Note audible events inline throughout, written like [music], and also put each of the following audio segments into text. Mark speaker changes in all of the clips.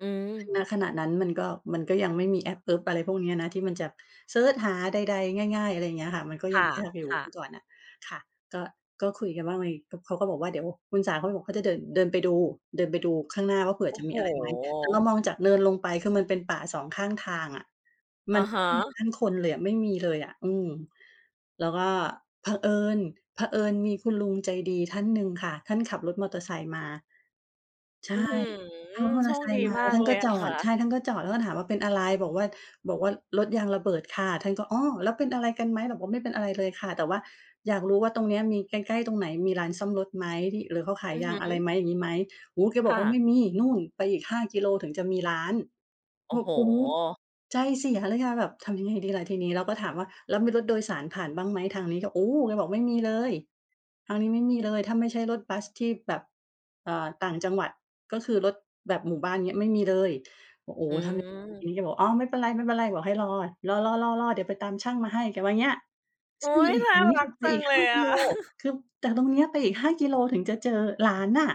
Speaker 1: อืม
Speaker 2: ณ ขณะนั้นมันก็ มันก็ยังไม่มีแอปเอิ๊บอะไรพวกนี้นะ ที่มันจะเซิร์ชหาใด ๆ ง่าย ๆ อะไรอย่างเงี้ยค่ะ มันก็
Speaker 1: ค
Speaker 2: ยั
Speaker 1: ่
Speaker 2: ง
Speaker 1: ะ
Speaker 2: ยากอยู่
Speaker 1: ค่
Speaker 2: เมื่อ
Speaker 1: ะ
Speaker 2: ก่อนน่ะ ค่ะ ก็ ก็คุยกันว่าไง ก็ เขาก็บอกว่าเดี๋ยวคุณสาเขาเลยบอกเขาจะเดิน เดินไปดู เดินไปดูข้างหน้าว่า เผื่อ
Speaker 1: โอ้
Speaker 2: จะ
Speaker 1: โ
Speaker 2: ม
Speaker 1: ฮ!
Speaker 2: ีอะไรไหม แต่เรามองจากเนินลงไป คือมันเป็นป่า 2 ข้างทางอะ
Speaker 1: อ
Speaker 2: มั
Speaker 1: ะ
Speaker 2: น
Speaker 1: ฮ
Speaker 2: ไม่มีบ
Speaker 1: ะ
Speaker 2: ้านคนเลยอะ ไม่มีเลยอะ อืม แล้วก็เผอิญ เผอิญมีคุณลุงใจดีท่านหนึ่งค่ะ ท่านขับรถมอเตอร์ไซค์มา ใช่
Speaker 1: อื้อฮือ
Speaker 2: ท่านมอเ
Speaker 1: โ
Speaker 2: ต
Speaker 1: ช
Speaker 2: อร์ไซ
Speaker 1: คด
Speaker 2: ค
Speaker 1: ี
Speaker 2: ์มา
Speaker 1: ม
Speaker 2: แล
Speaker 1: า
Speaker 2: ้ว
Speaker 1: ก
Speaker 2: ท่า
Speaker 1: เ
Speaker 2: น
Speaker 1: ล
Speaker 2: ก
Speaker 1: ย
Speaker 2: ็
Speaker 1: อ
Speaker 2: จ
Speaker 1: ะ
Speaker 2: อ
Speaker 1: ค่
Speaker 2: ด
Speaker 1: ะ
Speaker 2: ใช่ ท่านก็จอด แล้วก็ถามว่า "เป็นอะไร?" บอกว่า บอกว่า รถยางระเบิดค่ะ ท่านก็ "อ้อ แล้วเป็นอะไรกันไหม?" บอกว่าไม่เป็นอะไรเลยค่ะ แต่ว่าอยากรู้ว่าตรงเนี้ยมี ใกล้ ๆ ตรงไหนมีร้านซ่อมรถไหม มี หรือเขาขาย
Speaker 1: อือ
Speaker 2: ย
Speaker 1: ฮ
Speaker 2: างอะไร
Speaker 1: ึ
Speaker 2: ไหม อย่างงี้ไหม โอ้โฮ! แกบ
Speaker 1: ค
Speaker 2: อ
Speaker 1: ่
Speaker 2: กว่า "ไม
Speaker 1: ะ
Speaker 2: ่มี นู่นไปอีก 5 กิโลถึงจะมีร้าน"
Speaker 1: โอ
Speaker 2: โอ
Speaker 1: ้
Speaker 2: ้
Speaker 1: โ
Speaker 2: โฮ!
Speaker 1: ฮ!
Speaker 2: ใจเสียเลยอะ แบบทำยังไงดีล่ะทีนี้ เราก็ถามว่า แล้วมีรถโดยสารผ่านบ้างไหม ทางนี้ ก็ โอ้ แกบอก "ไม่มีเลย ทางนี้ไม่มีเลยถ้าไม่ใช่รถบัสที่แบบ เอ่อ ต่างจังหวัด ก็คือรถแบบหมู่บ้าน อย่างเงี้ย ไม่มีเลย" โอ้โฮ!
Speaker 1: อื
Speaker 2: ทำยังไงด
Speaker 1: ม
Speaker 2: ี แกบอก "อ้อ ไม่เป็นไร ไม่เป็นไร" บอกให้รอ "รอ ๆ ๆ ๆ เดี๋ยวไปตามช่างมาให้" แกว่าเงี้ย
Speaker 1: อุ๊ย! น่ารัก
Speaker 2: [unintelligible] ไป
Speaker 1: จั
Speaker 2: อี
Speaker 1: ง
Speaker 2: ก
Speaker 1: เล
Speaker 2: 5
Speaker 1: ย
Speaker 2: ก
Speaker 1: อ
Speaker 2: ิ
Speaker 1: ะ
Speaker 2: โล
Speaker 1: [chuckles]
Speaker 2: คือจากตรงเนี้ยไปอีก 5 กิโลถึงจะเจอร้านน่ะ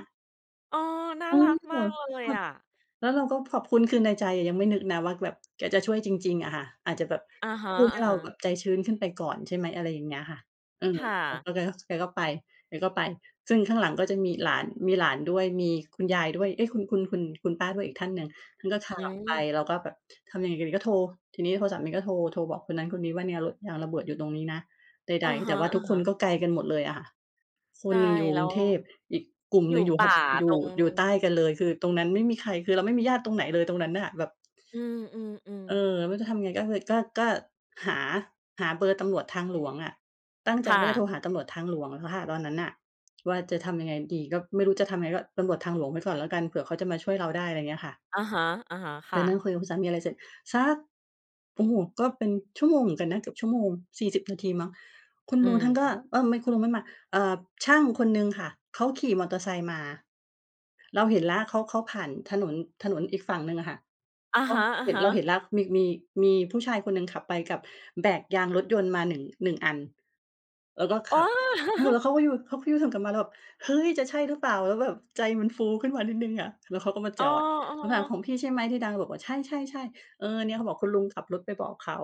Speaker 1: เออ น่า
Speaker 2: เฮ้
Speaker 1: รั
Speaker 2: ย
Speaker 1: กม
Speaker 2: แบ
Speaker 1: าก
Speaker 2: บ
Speaker 1: เลย
Speaker 2: ค่ะ
Speaker 1: อะ
Speaker 2: แล้วเราก็ขอบคุณ คือในใจยังไม่นึกนะว่าแบบ แกจะช่วยจริง ๆ อะค่ะ อาจจะแบบ
Speaker 1: อะฮะ
Speaker 2: พูดให้เราแบ
Speaker 1: ๆ
Speaker 2: บใจชื้นขึ้นไปก่อน ใช่ไหม อะไรอย่างเงี้ยค่ะ อืม
Speaker 1: ค่
Speaker 2: แล้ว
Speaker 1: ะ
Speaker 2: ก็แกก็ แกก็ไป แกก็ไป ซึ่งข้างหลังก็จะมีหลาน มีหลานด้วย มีคุณยายด้วย เฮ้ย คุณ คุณ คุณ คุณป้าด้วยอีกท่านหนึ่ง คือก็ขับ
Speaker 1: อื
Speaker 2: ออกไป
Speaker 1: ม
Speaker 2: เราก็แบบทำยังไงกันดี ก็โทร ทีนีพอสามีนี้ก็โทร โทรบอกคนนั้นคนนี้ว่าเนี่ยรถยางระเบิดอยู่ตรงนี้นะ ใ
Speaker 1: อ
Speaker 2: ด
Speaker 1: ะ
Speaker 2: ๆ แ
Speaker 1: ฮ
Speaker 2: ต่
Speaker 1: ะ
Speaker 2: ว่าทุกคน
Speaker 1: ๆ
Speaker 2: ก็ไกลกันหมดเลยอะ ค
Speaker 1: ใช
Speaker 2: น
Speaker 1: ่
Speaker 2: หนึ่งอยู่
Speaker 1: แล
Speaker 2: ก
Speaker 1: ้
Speaker 2: รุ
Speaker 1: ว
Speaker 2: งเทพ อีกกลุ่ม
Speaker 1: อย
Speaker 2: ห
Speaker 1: ู
Speaker 2: น
Speaker 1: ่
Speaker 2: ึ่งอยู่
Speaker 1: ป
Speaker 2: ภ
Speaker 1: ่า
Speaker 2: อย
Speaker 1: ต
Speaker 2: ู่
Speaker 1: รง
Speaker 2: อยู่ใต้กันเลย คือตรงนั้นไม่มีใคร คือเราไม่มีญาติตรงไหนเลยตรงนั้นน่ะ แบบ
Speaker 1: อืม
Speaker 2: เออ
Speaker 1: ๆ ๆ
Speaker 2: ไม่รู้จะทำไง ก็เลย ก็ ก็หา หาเบอร์ตำรวจทางหลวงอะ ตั้งใจ
Speaker 1: ค่
Speaker 2: ว่าจะโ
Speaker 1: ะ
Speaker 2: ทรหาตำรวจทางหลวงอะค่ะตอนนั้นน่ะว่า จะทำยังไงดี ก็ไม่รู้จะทำยังไง ก็ตำรวจทางหลวงไว้ก่อนแล้วกัน เผื่อเขาจะมาช่วยเราได้ อะไรเงี้ยค่ะ
Speaker 1: อะฮะ ๆ ค
Speaker 2: ก
Speaker 1: ่
Speaker 2: ็นั่ง
Speaker 1: ะ
Speaker 2: คุยกับคุณสามีอะไรเสร็จ สัก โอ้โฮ! ก็เป็นชั่วโมงเหมือนกันนะ เกือบชั่วโมง 40 นาทีมั้ง คุณ
Speaker 1: อื
Speaker 2: ลุงท่านก็
Speaker 1: ม
Speaker 2: เออ ทำไมคุณลุงไม่มา เอ่อ ช่างคนหนึ่งค่ะ เขาขี่มอเตอร์ไซค์มา เราเห็นแล้ว เขา เขาผ่านถนน ถนนอีกฝั่งหนึ่งอะค่ะ
Speaker 1: อะ
Speaker 2: ก็
Speaker 1: ฮะ
Speaker 2: เห็น เราเห
Speaker 1: ๆ
Speaker 2: ็นแล้ว มี มี มีผู้ชายคนหนึ่งขับไปกับแบกยางรถยนต์มา 1- 1 อัน แล้วก็
Speaker 1: อ๋
Speaker 2: ข
Speaker 1: อ
Speaker 2: ับ เออ
Speaker 1: [laughs]
Speaker 2: เขาก็ยู เขาก็ยูเทิร์นกลับมา เราแบบ เฮ้ย จะใช่รึเปล่า แล้วแบบใจมันฟูขึ้นมานิดหนึ่งอะ แล้วเขาก็มา
Speaker 1: อ้
Speaker 2: จ
Speaker 1: อ
Speaker 2: อด
Speaker 1: เอ
Speaker 2: เขาถาม
Speaker 1: อ
Speaker 2: "ของพี่ใช่ไหมที่ดัง?" เราบอกว่า ใช่ ๆ ๆ เออ เนี้ยเขาบอก คุณลุงขับรถไปบอกเขา